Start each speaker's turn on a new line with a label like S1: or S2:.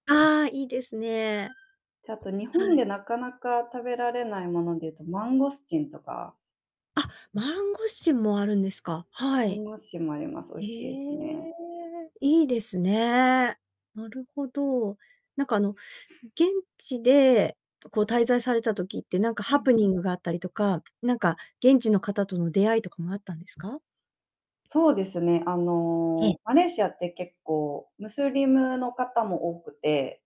S1: ああ、いいですね。
S2: で、あと日
S1: は
S2: 本
S1: い。
S2: でなかなか食べられないものでいうとマンゴスチンとか。
S1: あ、マンゴスチンもあるんですか、は
S2: マン
S1: い。
S2: ゴスチンもあります。美
S1: え
S2: 味しいですね。
S1: え。いいですね。なるほど。なんかあの、現地でこう滞在された時って何か
S2: う
S1: ハ
S2: ん。
S1: プニングがあったりとか、なんか現地の方との出会いとかもあったんですか？
S2: そうですね。あ
S1: ええ。
S2: の、マレーシアって結構、ムスリムの方も多くて。